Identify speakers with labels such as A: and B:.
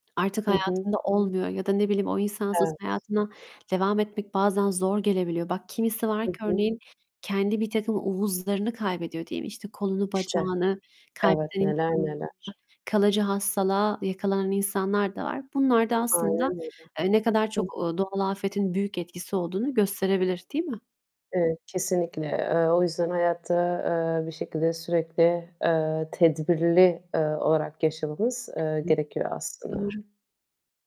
A: Artık
B: Hı hı.
A: hayatında olmuyor ya da ne bileyim, o insansız
B: Evet.
A: hayatına devam etmek bazen zor gelebiliyor. Bak kimisi var
B: Hı
A: ki
B: hı.
A: örneğin kendi birtakım uvuzlarını kaybediyor, değil mi? İşte, kolunu,
B: İşte,
A: bacağını
B: evet,
A: kaybeden
B: neler
A: insanlar,
B: neler.
A: kalıcı hastalığa yakalanan insanlar da var. Bunlar da
B: Aynen
A: aslında,
B: öyle.
A: eee, ne kadar
B: Hı.
A: çok, ııı, doğal afetin büyük etkisi olduğunu gösterebilir, değil mi?
B: Evet, kesinlikle. Eee, o yüzden hayatı, eee, bir şekilde sürekli, eee, tedbirli, eee, olarak yaşamamız, eee,
A: Hı.
B: gerekiyor aslında.
A: Doğru.